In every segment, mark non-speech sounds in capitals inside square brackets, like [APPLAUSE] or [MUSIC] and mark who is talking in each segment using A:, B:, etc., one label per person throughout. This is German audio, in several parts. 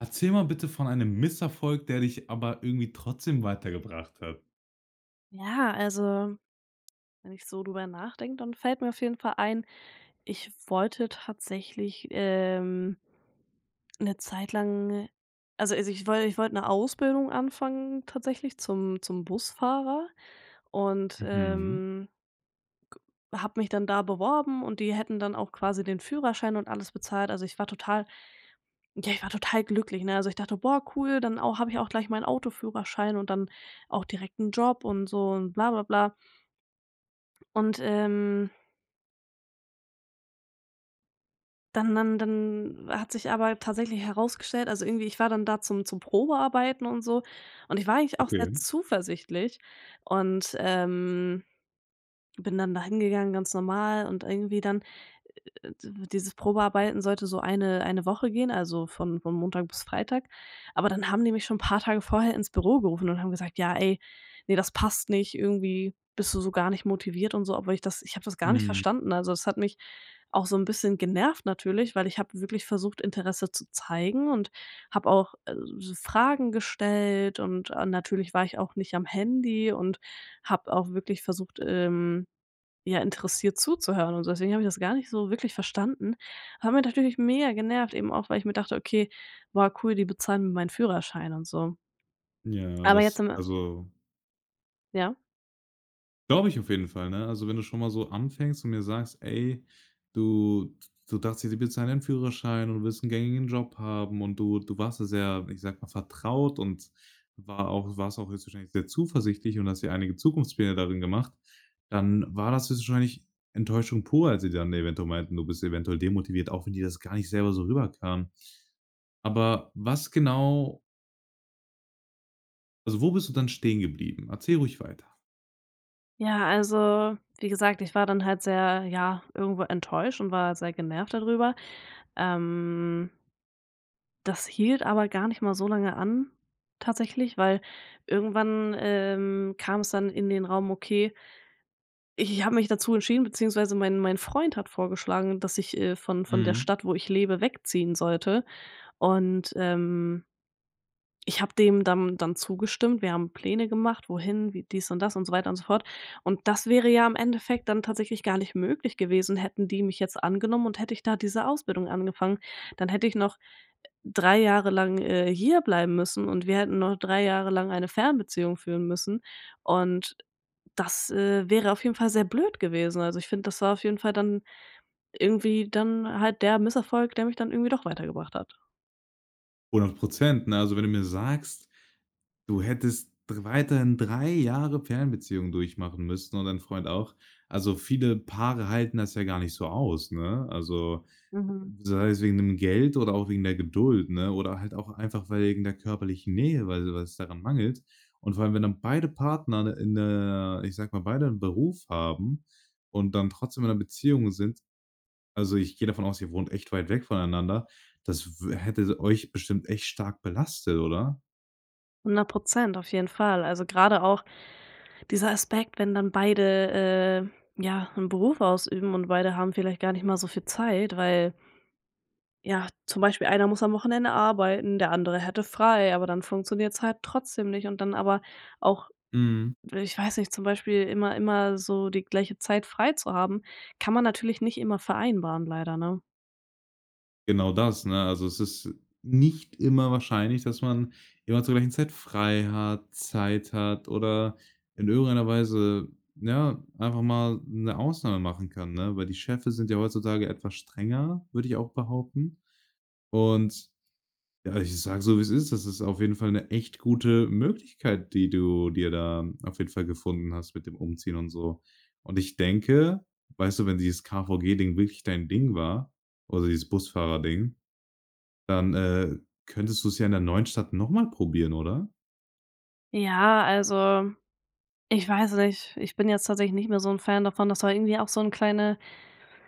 A: Erzähle mal bitte von einem Misserfolg, der dich aber irgendwie trotzdem weitergebracht hat.
B: Ja, also wenn ich so drüber nachdenke, dann fällt mir auf jeden Fall ein: Ich wollte tatsächlich, ähm 'ne Zeit lang also also ich woll ich wollte 'ne Ausbildung anfangen tatsächlich zum zum Busfahrer und,
A: Mhm.
B: ähm habe mich dann da beworben und die hätten dann auch quasi den Führerschein und alles bezahlt. Also ich war total, ja ich war total glücklich, ne? Also ich dachte: „Boah cool, dann au habe ich auch gleich meinen Autoführerschein und dann auch direkt 'n Job und so und bla, bla, bla“. Und, ähm dann dann dann hat sich aber tatsächlich herausgestellt also irgendwie, ich war dann da zum zum Probearbeiten und so und ich war eigentlich auch sehr
A: Okay.
B: zuversichtlich und, ähm, bin dann da hingegangen, ganz normal, und irgendwie dann Äh, d dieses Probearbeiten sollte so eine eine Woche gehen, also von von Montag bis Freitag. Aber dann haben die mich schon paar Tage vorher ins Büro gerufen und haben gesagt: „Ja ey, ne, das passt nicht, irgendwie bist du so gar nicht motiviert“ und so, obwohl ich das ich habe das gar nicht
A: Mhm.
B: verstanden. Also das hat mich auch so 'n bisschen genervt natürlich, weil ich habe wirklich versucht, Interesse zu zeigen und habe auch, äh, s so Fragen gestellt und, äh, natürlich war ich auch nicht am Handy und habe auch wirklich versucht, ähm, ja, interessiert zuzuhören und deswegen habe ich das gar nicht so wirklich verstanden. Hat mich natürlich mega genervt, eben auch, weil ich mir dachte: „Okay, boah cool, die bezahlen mir meinen Führerschein“ und so.
A: Ja,
B: Aber jetzt
A: das
B: im
A: also
B: Ja?
A: glaube ich auf jeden Fall, ne? Also wenn du schon mal so anfängst und mir sagst: „Ey, du d du dachtest, sie bezahlen deinen Führerschein und willst 'n gängigen Job haben“ und du du warst da sehr, ich sage mal, vertraut und war auch du warst auch höchstwahrscheinlich sehr zuversichtlich und hast dir einige Zukunftspläne darin gemacht, dann war das höchstwahrscheinlich Enttäuschung pur, als sie dann eventuell meinten: „Du bist eventuell demotiviert,“ auch wenn dir das gar nicht selber so rüberkam. Aber was genau also wo bist du dann stehen geblieben? Erzähl ruhig weiter.
B: Ja, also wie gesagt, ich war dann halt sehr, ja, irgendwo enttäuscht und war sehr genervt da drüber, ähm das hielt aber gar nicht mal so lange an tatsächlich, weil irgendwann, ähm, kam's dann in den Raum, okay i ich habe mich dazu entschieden beziehungsweise mein mein Freund hat vorgeschlagen, dass ich, äh, von von der
A: Mhm.
B: Stadt, wo ich lebe, wegziehen sollte und, ähm ich habe dem dann dann zugestimmt. Wir haben Pläne gemacht, wohin, wie dies und das und so weiter und so fort. Und das wäre ja im Endeffekt dann tatsächlich gar nicht möglich gewesen, hätten die mich jetzt angenommen, und hätte ich da diese Ausbildung angefangen, dann hätte ich noch, 3 Jahre lang, äh, hierbleiben müssen und wir hätten noch 3 Jahre lang eine Fernbeziehung führen müssen. Und das, äh, wäre auf jeden Fall sehr blöd gewesen. Also ich finde, das war auf jeden Fall dann irgendwie dann halt der Misserfolg, der mich dann irgendwie doch weitergebracht hat.
A: 100 %, ne? Also, wenn du mir sagst, du hättest dr weiterhin 3 Jahre Fernbeziehung durchmachen müssten und dein Freund auch, also viele Paare halten das ja gar nicht so aus, ne? Also,
B: Mhm.
A: sei es wegen dem Geld oder auch wegen der Geduld, ne? Oder halt auch einfach weil wegen der körperlichen Nähe, weil so was daran mangelt. Und, vor allem wenn dann beide Partner in der, ich sage mal, beide 'n Beruf haben und dann trotzdem in 'ner Beziehung sind, also ich gehe davon aus, ihr wohnt echt weit weg voneinander, das w hätte euch bestimmt echt stark belastet, oder?
B: 100 %, auf jeden Fall. Also grade auch dieser Aspekt, wenn dann beide, äh, ja 'n Beruf ausüben und beide haben vielleicht gar nicht mal so viel Zeit, weil ja, zum Beispiel, einer muss am Wochenende arbeiten, der andere hätte frei, aber dann funktioniert's halt trotzdem nicht und dann aber auch
A: Mhm.
B: dw ich weiß nicht, zum Beispiel immer immer so die gleiche Zeit freizuhaben, kann man natürlich nicht immer vereinbaren, leider, ne?
A: Genau das, ne? Also, es ist nicht immer wahrscheinlich, dass man immer zur gleichen Zeit frei hat, Zeit hat oder in irgendeiner Weise, ja, einfach mal 'ne Ausnahme machen kann, ne? Weil die Chefe sind ja heutzutage etwas strenger, würde ich auch behaupten. Und ja, ich sage so, wie's ist, das ist auf jeden Fall 'ne echt gute Möglichkeit, die du dir da auf jeden Fall gefunden hast mit dem Umziehen und so. Und, ich denke, weißt du, wenn dieses KVG Ding wirklich dein Ding war oder dieses Busfahrer-Ding, dann, äh, könntest du's ja in der neuen Stadt noch mal probieren, oder?
B: Ja, also, ich weiß nicht. Ich bin jetzt tatsächlich nicht mehr so 'n Fan davon. Das war irgendwie auch so 'n kleine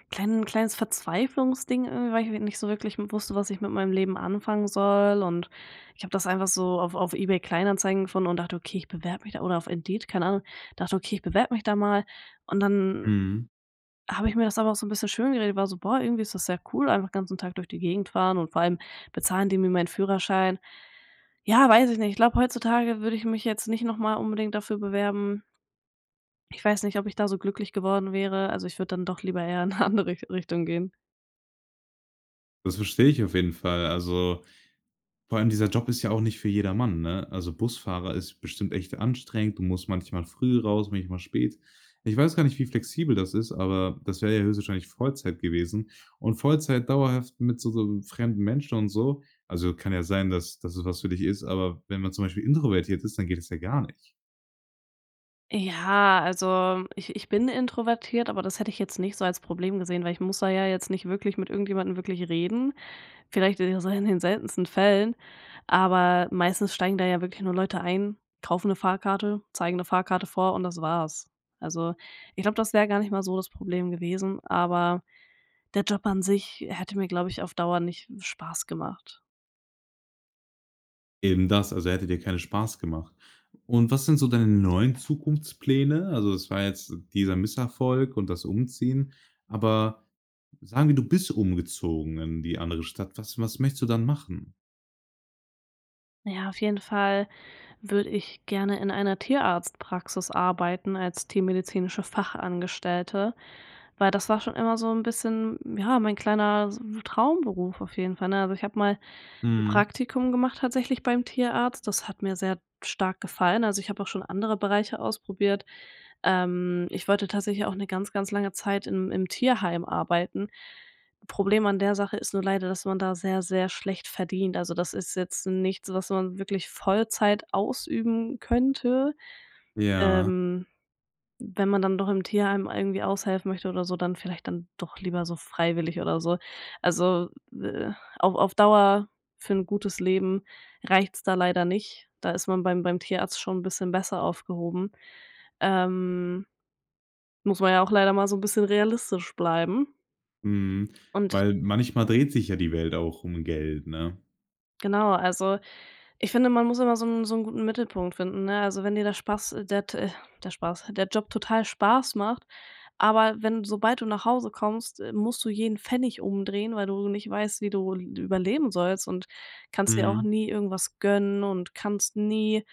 B: kleinen kleines Verzweiflungsding irgendwie, weil ich nicht so wirklich wusste, was ich mit meinem Leben anfangen soll. Und ich habe das einfach so auf auf eBay Kleinanzeigen gefunden und dachte: „Okay, ich bewerbe mich da“ oder auf Indeed, keine Ahnung, dachte: „Okay, ich bewerbe mich da mal.“ Und dann
A: Mhm.
B: habe ich mir das aber auch so 'n bisschen schön geredet, war so: „Boah, irgendwie ist sehr cool, einfach ganzen Tag durch die Gegend fahren und vor allem bezahlen die mir meinen Führerschein.“ Ja, weiß ich nicht. Ich glaube, heutzutage würde ich mich jetzt nicht noch mal unbedingt dafür bewerben. Ich weiß nicht, ob ich da so glücklich geworden wäre. Also ich würde dann doch lieber eher in 'ne andere Rich Richtung gehen.
A: Das verstehe ich auf jeden Fall. Also, vor allem dieser Job ist ja auch nicht für jedermann, ne? Also Busfahrer ist bestimmt echt anstrengend, du musst manchmal früh raus, manchmal spät. Ich weiß gar nicht, wie flexibel das ist, aber das wäre ja höchstwahrscheinlich Vollzeit gewesen. Und Vollzeit dauerhaft mit so so fremden Menschen und so also kann ja sein, dass dass es was für dich ist, aber wenn man zum Beispiel introvertiert ist, dann geht das ja gar nicht.
B: Ja, also ich ich bin introvertiert, aber das hätte ich jetzt nicht so als Problem gesehen, weil ich muss da ja jetzt nicht wirklich mit irgendjemanden wirklich reden vielleicht eher so in den seltensten Fällen. Aber meistens steigen da ja wirklich nur Leute ein, kaufen 'ne Fahrkarte, zeigen 'ne Fahrkarte vor und das war's. Also ich glaube, das wäre gar nicht mal so das Problem gewesen, aber der Job an sich hätte mir, glaube ich, auf Dauer nicht Spaß gemacht.
A: Eben das, also hätte dir keine Spaß gemacht. Und was sind so deine neuen Zukunftspläne? Also, es war jetzt dieser Misserfolg und das Umziehen. Aber sagen wir, du bist umgezogen in die andere Stadt. Was was möchtest du dann machen?
B: Ja, auf jeden Fall würde ich gerne in einer Tierarztpraxis arbeiten als tiermedizinische Fachangestellte, weil das war schon immer so 'n bisschen, ja, mein kleiner s wu Traumberuf auf jeden Fall ne? Also, ich habe mal 'n
A: Mhm.
B: Praktikum gemacht, tatsächlich beim Tierarzt. Das hat mir sehr stark gefallen. Also, ich habe auch schon andere Bereiche ausprobiert. Ähm, ich wollte tatsächlich auch 'ne ganz, ganz lange Zeit im im Tierheim arbeiten. Problem an der Sache ist nur leider, dass man da sehr sehr schlecht verdient. Also, das ist jetzt nichts, was man wirklich Vollzeit ausüben könnte,
A: Ja.
B: ähm. Wenn man dann doch im Tierheim irgendwie aushelfen möchte oder so, dann vielleicht dann doch lieber so freiwillig oder so. Also, äh, auf auf Dauer für 'n gutes Leben reicht's da leider nicht. Da ist man beim beim Tierarzt schon 'n bisschen besser aufgehoben. Ähm, muss man ja auch leider mal so 'n bisschen realistisch bleiben.
A: Mhm,
B: Und
A: weil manchmal dreht sich ja die Welt auch um Geld, ne?
B: genau, also, ich finde, man muss immer so 'n so 'n guten Mittelpunkt finden, ne? Also, wenn dir der Spaß der t äh, der Spaß der Job total Spaß macht, aber wenn sobald du nach Hause kommst, äh, musst du jeden Pfennig umdrehen, weil du nicht weißt, wie du l überleben sollst, und kannst dir auch
A: Mhm.
B: nie irgendwas gönnen und kannst nie,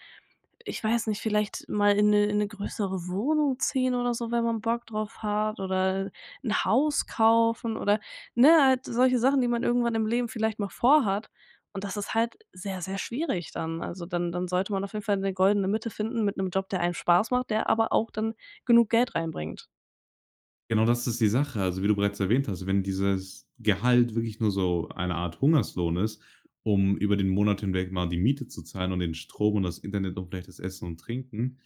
B: ich weiß nicht, vielleicht mal in 'ne in 'ne größere Wohnung ziehen oder so, wenn man Bock drauf hat, oder 'n Haus kaufen oder, ne, halt solche Sachen, die man irgendwann im Leben vielleicht mal vorhat. Und das ist halt sehr sehr schwierig dann. Also dann dann sollte man auf jeden Fall 'ne goldene Mitte finden mit 'nem Job, der einem Spaß macht, der aber auch dann genug Geld reinbringt.
A: Genau das ist die Sache. Also wie du bereits erwähnt hast, wenn dieses Gehalt wirklich nur so eine Art Hungerslohn ist, um über den Monat hinweg mal die Miete zu zahlen und den Strom und das Internet und vielleicht das Essen und Trinken,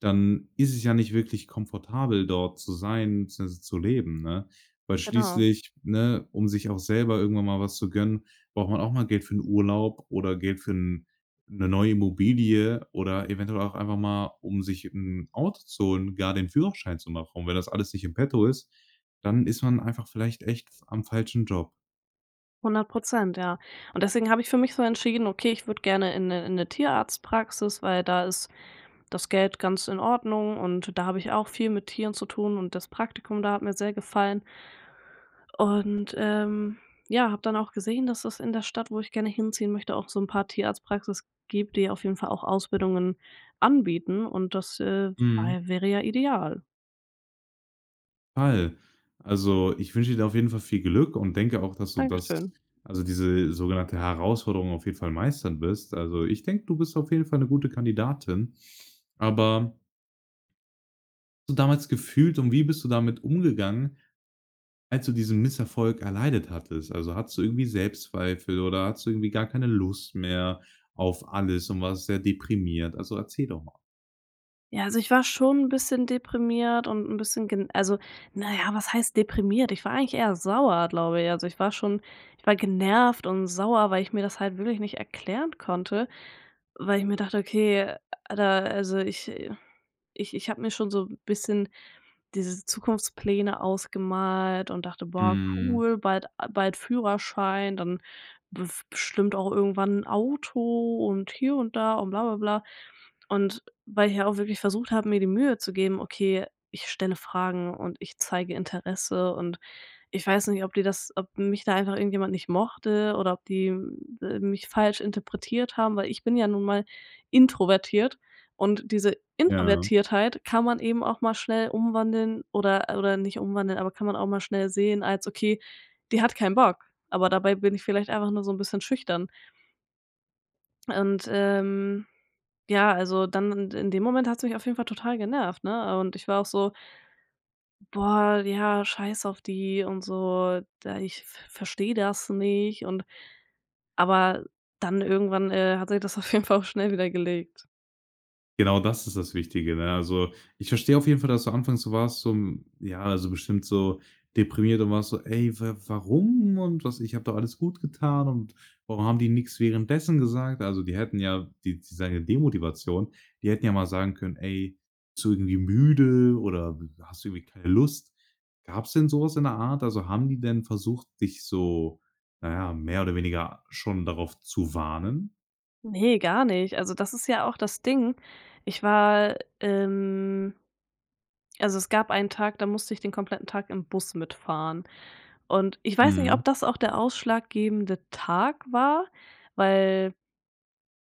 A: dann ist es ja nicht wirklich komfortabel, dort zu sein beziehungsweise zu leben, ne? Weil
B: Genau.
A: schließlich, ne, um sich auch selber irgendwann mal was zu gönnen, braucht man auch mal Geld für 'n Urlaub oder Geld für 'n 'ne neue Immobilie oder eventuell auch einfach mal, um sich 'n Auto zu holen, gar den Führerschein zu machen. Und wenn das alles nicht in petto ist, dann ist man einfach vielleicht echt am falschen Job.
B: 100 % ja und deswegen habe ich für mich so entschieden: „Okay, ich würde gerne in 'ne in 'ne Tierarztpraxis“, weil da ist das Geld ganz in Ordnung und da habe ich auch viel mit Tieren zu tun und das Praktikum, da hat mir sehr gefallen. Und, ähm, ja, habe dann auch gesehen, dass das in der Stadt, wo ich gerne hinziehen möchte, auch so 'n paar Tierarztpraxis gibt, die auf jeden Fall auch Ausbildungen anbieten und das äh
A: Mhm.
B: wei wäre ja ideal.
A: [UNINTELLIGIBLE] Also ich wünsche dir auf jeden Fall viel Glück und denke auch, dass du das,
B: Dankeschön.
A: also diese sogenannte Herausforderung auf jeden Fall meistern wirst. Also ich denke, du bist auf jeden Fall 'ne gute Kandidatin. Aber so damals gefühlt und wie bist du damit umgegangen, als du diesen Misserfolg erleidet hattest? Also hattest du irgendwie Selbstzweifel oder hattest du irgendwie gar keine Lust mehr auf alles und warst sehr deprimiert? Also erzähl doch mal.
B: Ja, also ich war schon 'n bisschen deprimiert und 'n bisschen gen also, na ja, was heißt deprimiert? Ich war eigentlich eher sauer, glaube ich. Also ich war schon ich war genervt und sauer, weil ich mir das halt wirklich nicht erklären konnte. Weil ich mir dachte: „Okay, alter, also ich, äh ich ich habe mir schon so 'n bisschen diese Zukunftspläne ausgemalt und dachte: „Boah
A: Mhm.
B: cool, bald a bald Führerschein, dann bef bestimmt auch irgendwann 'n Auto“ und hier und da und bla, bla, bla. Und, weil ich ja auch wirklich versucht habe, mir die Mühe zu geben: „Okay, ich stelle Fragen und ich zeige Interesse.“ Und ich weiß nicht, ob die das ob mich da einfach irgendjemand nicht mochte oder ob die, äh, mich falsch interpretiert haben, weil ich bin ja nun mal introvertiert und diese
A: Ja.
B: Introvertiertheit kann man eben auch mal schnell umwandeln oder oder nicht umwandeln, aber kann man auch mal schnell sehen als: „Okay, die hat keinen Bock.“ Aber dabei bin ich vielleicht einfach nur so 'n bisschen schüchtern. Und, ähm, ja, also dann in in dem Moment hat's mich auf jeden Fall total genervt, ne? Und ich war auch so: „Boah, ja, scheiß auf die und so, da ich ver verstehe das nicht und“ Aber dann irgendwann, äh, hat sich das auf jeden Fall auch schnell wieder gelegt.
A: Genau, das ist das Wichtige, ne? Also, ich verstehe auf jeden Fall, dass du anfangs so warst, so ja, so bestimmt so deprimiert und warst so: „Ey, wa warum und was, ich habe doch alles gut getan und warum haben die nix währenddessen gesagt?“ Also die hätten ja die die sagen ja Demotivation. Die hätten ja mal sagen können: „Ey, zu irgendwie müde oder, hm, hast du irgendwie keine Lust?“ Gab's denn so was in der Art? Also haben die denn versucht, dich so na ja, mehr oder weniger schon darauf zu warnen?
B: Ne, gar nicht. Also das ist ja auch das Ding. Ich war, ähm, also es gab einen Tag, da musste ich den kompletten Tag im Bus mitfahren und ich weiß nicht,
A: Mhm.
B: ob das auch der ausschlaggebende Tag war, weil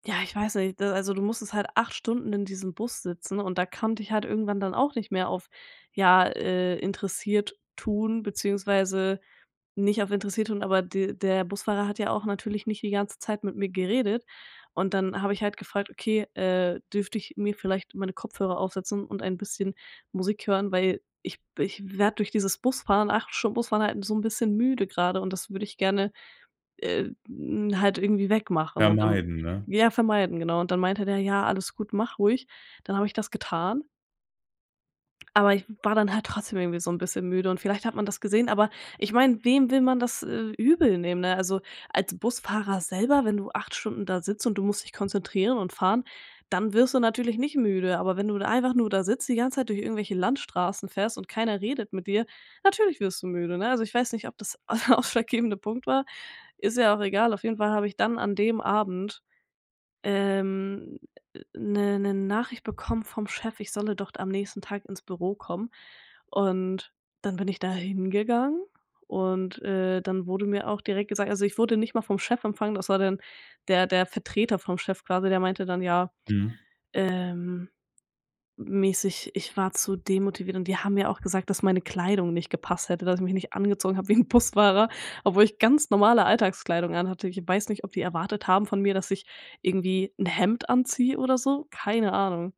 B: ja, ich weiß nicht, ne, also du musstest halt 8 Stunden in diesem Bus sitzen und da konnte ich halt irgendwann dann auch nicht mehr auf, ja, äh, interessiert tun beziehungsweise nicht auf interessiert tun, aber de der Busfahrer hat ja auch natürlich nicht die ganze Zeit mit mir geredet. Und dann habe ich halt gefragt: „Okay, äh, dürfte ich mir vielleicht meine Kopfhörer aufsetzen und ein bisschen Musik hören, weil ich ich werde durch dieses Busfahren, 8 Stunden Bus fahren halt so 'n bisschen müde grade und das würde ich gerne, äh, hm, halt irgendwie wegmachen und, ähm,
A: Vermeiden, ne?
B: ja vermeiden“, genau. Und dann meinte der: „Ja, alles gut, mach ruhig.“ Dann habe ich das getan aber ich w war dann halt trotzdem irgendwie so 'n bisschen müde und vielleicht hat man das gesehen, aber ich meine, wem will man das, äh, übel nehmen, ne? Also, als Busfahrer selber, wenn du 8 Stunden da sitzt und du musst dich konzentrieren und fahren, dann wirst du natürlich nicht müde. Aber wenn du da einfach nur da sitzt die ganze Zeit durch irgendwelche Landstraßen fährst und keiner redet mit dir, natürlich wirst du müde, ne? Also ich weiß nicht, ob das der ausschlaggebende Punkt war. Ist ja auch egal. Auf jeden Fall habe ich dann an dem Abend, ähm, 'ne 'ne Nachricht bekommen vom Chef, „ich solle doch am nächsten Tag ins Büro kommen“. Und dann bin ich da hingegangen und, äh, dann wurde mir auch direkt gesagt also, ich wurde nicht mal vom Chef empfangen, das war dann der der Vertreter vom Chef quasi, der meinte dann ja,
A: Mhm.
B: ähm, m mäßig, ich war zu demotiviert und die haben mir auch gesagt dass meine Kleidung nicht gepasst hätte, dass ich mich nicht angezogen habe wie 'n Busfahrer obwohl ich ganz normale Alltagskleidung an hatte. Ich weiß nicht, ob die erwartet haben von mir, dass ich irgendwie 'n Hemd anziehe oder so, keine Ahnung.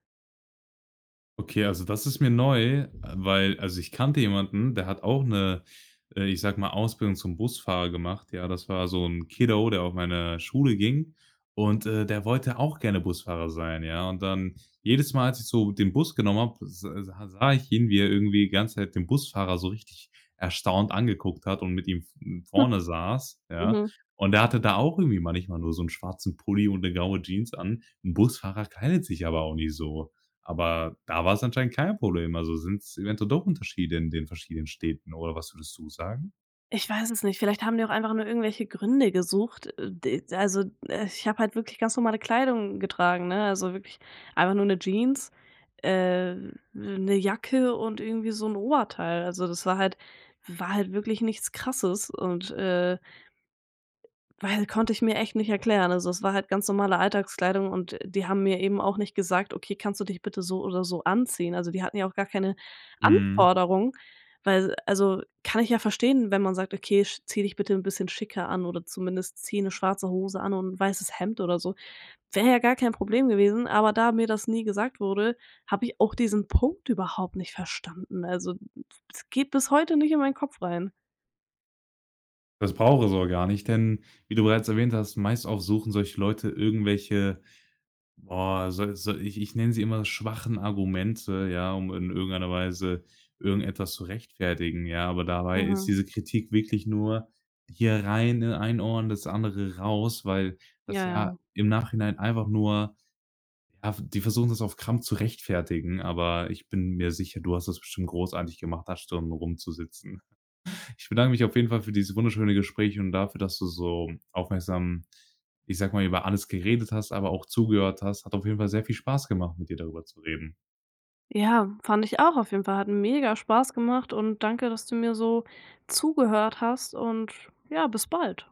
A: Okay, also das ist mir neu, weil also ich kannte jemanden, der hat auch 'ne, äh, ich sage mal Ausbildung zum Busfahrer gemacht. Ja, das war so 'n Kiddo, der auf meine Schule ging und, äh, der wollte auch gerne Busfahrer sein. Ja, und dann jedes Mal, als ich so den Bus genommen habe, s sa sah ich ihn, wie er irgendwie die ganze Zeit den Busfahrer so richtig erstaunt angeguckt hat und mit ihm, hm,
B: [CHUCKLES]
A: vorne saß, ja?
B: Mhm.
A: Und er hatte da auch irgendwie manchmal nur so 'n schwarzen Pulli und 'ne graue Jeans an. 'N Busfahrer kleidet sich aber auch nicht so. Aber da war's anscheinend kein Problem. Also sind's eventuell doch Unterschiede in den verschiedenen Städten oder was würdest du sagen?
B: Ich weiß es nicht. Vielleicht haben die auch einfach nur irgendwelche Gründe gesucht. Äh, d also, äh, ich habe halt wirklich ganz normale Kleidung getragen, ne, also wirklich einfach nur 'ne Jeans, äh, 'ne Jacke und irgendwie so 'n Oberteil. Also das war halt war halt wirklich nichts Krasses und, äh weil konnte ich mir echt nicht erklären. Also es war halt ganz normale Alltagskleidung und die haben mir eben auch nicht gesagt: „Okay, kannst du dich bitte so oder so anziehen?“ Also die hatten ja auch gar keine
A: Mhm.
B: Anforderung, weil also kann ich ja verstehen, wenn man sagt: „Okay, sch zieh dich bitte 'n bisschen schicker an oder zumindest zieh 'ne schwarze Hose an und 'n weißes Hemd oder so“. Wäre ja gar kein Problem gewesen, aber da mir das nie gesagt wurde, habe ich auch diesen Punkt überhaupt nicht verstanden. Also, hm, es geht bis heute nicht in mein Kopf rein.
A: Das braucht es auch gar nicht, denn wie du bereits erwähnt hast, meist auch suchen solche Leute irgendwelche, boah, so so, ich ich nenne sie immer schwachen Argumente, ja, um in irgendeiner Weise irgendetwas zu rechtfertigen, ja, aber dabei ist
B: Mhm.
A: diese Kritik wirklich nur hier rein in ein Ohr und das andere raus, weil das
B: Ja,
A: ja
B: ja.
A: im Nachhinein einfach nur, ja, die versuchen das auf Krampf zu rechtfertigen. Aber ich bin mir sicher, du hast das bestimmt großartig gemacht, da Stunden rumzusitzen. [CHUCKLES] Ich bedanke mich auf jeden Fall für dieses wunderschöne Gespräch und dafür, dass du so aufmerksam, ich sage mal, über alles geredet hast, aber auch zugehört hast. Hat auf jeden Fall sehr viel Spaß gemacht, mit dir darüber zu reden.
B: Ja, fand ich auch auf jeden Fall, hat mega Spaß gemacht und danke, dass du mir so zugehört hast und ja, bis bald.